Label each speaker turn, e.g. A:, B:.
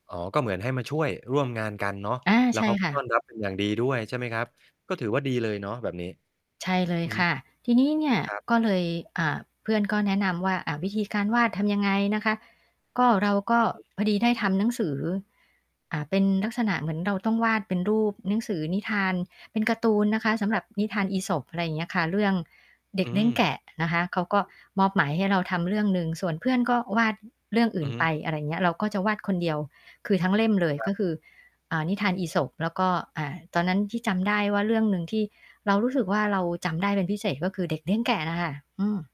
A: อ๋อ ก็เหมือนให้มาช่วยร่วมงานกันเนาะ
B: อา
A: แล้
B: ใ
A: ว
B: ช่
A: เขา ก
B: ค
A: ็
B: ่
A: ต้อ
B: ะ
A: นรับเป็นอย่างดีด้วยใช่ไหมครับ ก็ถือว่าดีเลยเนาะแบบนี้
B: ใช่เล
A: อ
B: ย
A: ื
B: ค
A: ม
B: ่ะ ทีนี้เนี่ย
A: ครับ
B: ก็เลย อ่า เพื่อนก็แนะนำว่า อ่า วิธีการวาดทำยังไงนะคะ ก็ เราก็
A: อือฮึ
B: พอดีได้ทำหนังสือ อ่า เป็นลักษณะเหมือนเราต้องวาดเป็นรูปหนังสือนิทานเป็นการ์ตูนนะคะ สำ
A: ค
B: หร
A: ร
B: ั
A: ับ
B: บนิทานอีสป อะไรอย่างเงี้ยค่ะ เรื่องเด็
A: อื
B: กเลี้ยงแ
A: ม
B: กะนะคะ เขาก็มอบหมายให้เราทำเรื่องหนึ่ง ส่วนเพื่อนก็วาดเรื่องอื
A: อ
B: ่
A: ื
B: น
A: อฮ
B: ไ
A: ึ
B: ป อะไรอย่างเงี้ย เราก็จะวาดคนเดียว คือทั้งเล่มเลย
A: ครั
B: ก็
A: บ
B: คือ อ่า นิทานอีสป แล้วก็ อ่า ตอนนั้นที่จำได้ว่าเรื่องหนึ่งที่เรารู้สึกว่า เราจำได้เป็นพิเศษ ก็คือเด็กเลี้ยงแกะน่ะค่ะ อืม